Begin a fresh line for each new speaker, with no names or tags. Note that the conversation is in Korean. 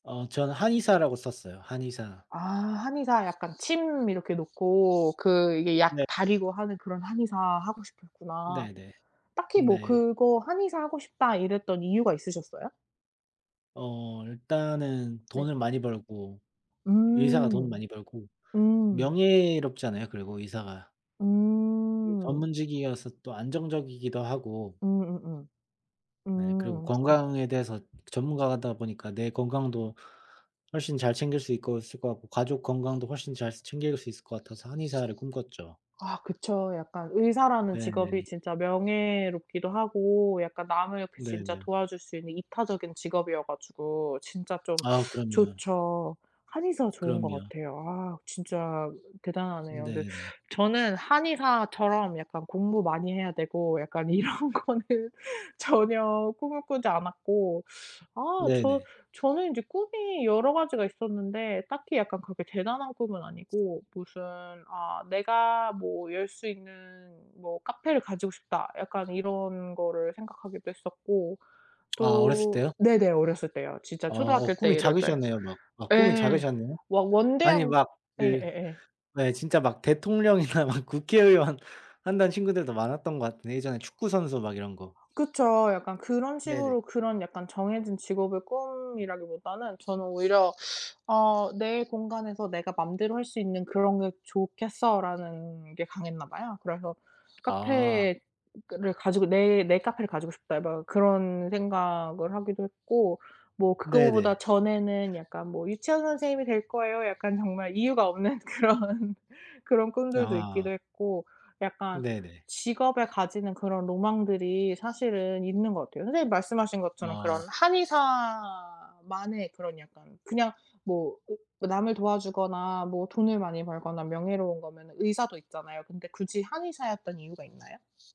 어 저는 한의사라고 썼어요 한의사.
아 한의사 약간 침 이렇게 놓고 그 이게 약
네.
달이고 하는 그런 한의사 하고 싶으셨구나.
네네
딱히 뭐
네.
그거 '한의사 하고 싶다.' 이랬던 이유가 있으셨어요?
어 일단은
네.
돈을 많이 벌고 의사가 돈을
음
많이 벌고
음.
명예롭잖아요 그리고 의사가. 이
음.
전문직이어서 또 안정적이기도 하고
음음음
네 그리고
음 그
건강에 대해서 전문가다 보니까 내 건강도 훨씬 잘 챙길 수 있고 있을 것 같고 가족 건강도 훨씬 잘 스 챙길 수 있을 것 같아서 한의사를 꿈꿨죠.
아 그쵸 약간 의사라는
네
직업이
네.
진짜 명예롭기도 하고 약간 남을
네
진짜
네.
도와줄 수 있는 이타적인 직업이어 가지고 진짜 좀
아 그럼요.
좋죠. 한의사 좋은 것
그럼요.
같아요. 아 진짜 대단하네요. 근데
네 네.
저는 한의사처럼 약간 공부 많이 해야 되고 약간 이런 거는 전혀 꿈을 꾸지 않았고 아
네
저
네.
저는 인제 꿈이 여러 가지가 있었는데 딱히 약간 그렇게 대단한 꿈은 아니고 무슨 아 '내가 뭐 열 수 있는 뭐 카페를 가지고 싶다.' 약간 이런 거를 생각하기도 했었고
아 어렸을
또
때요?
네네 어렸을 때요. 진짜
아
초등학교
어
때
꿈이
이럴 때
작으셨네요. 막 아 꿈이
예.
작으셨네요.
워
아니
원대한
막 네
예예예.
네. 진짜 막 대통령이나 막 국회의원 한다는 친구들도 많았던 것 같은데 예전에 축구 선수 막 이런 거.
그쵸 약간 그런
네네.
식으로 그런 약간 정해진 직업의 꿈이라기보다는 저는 오히려 어 '내 공간에서 내가 마음대로 할 수 있는 그런 게 좋겠어.'라는 게 강했나 봐요. 그래서
아.
카페를 가지고 '내 내 카페를 가지고 싶다.' 막 그런 생각을 하기도 했고 뭐
네네.
그거보다 전에는 약간 뭐 "유치원 선생님이 될 거예요." 약간 정말 이유가 없는 그런 그런 꿈들도 있기도
아.
했고 약간
네네.
직업에 가지는 그런 로망들이 사실은 있는 것 같아요. 선생님이 말씀하신 것처럼 그런
아.
한의사만의 그런 약간 그냥 뭐 오 남을 도와주거나 뭐 돈을 많이 벌거나 명예로운 거면은 의사도 있잖아요. 근데 굳이 한의사였던 이유가 있나요?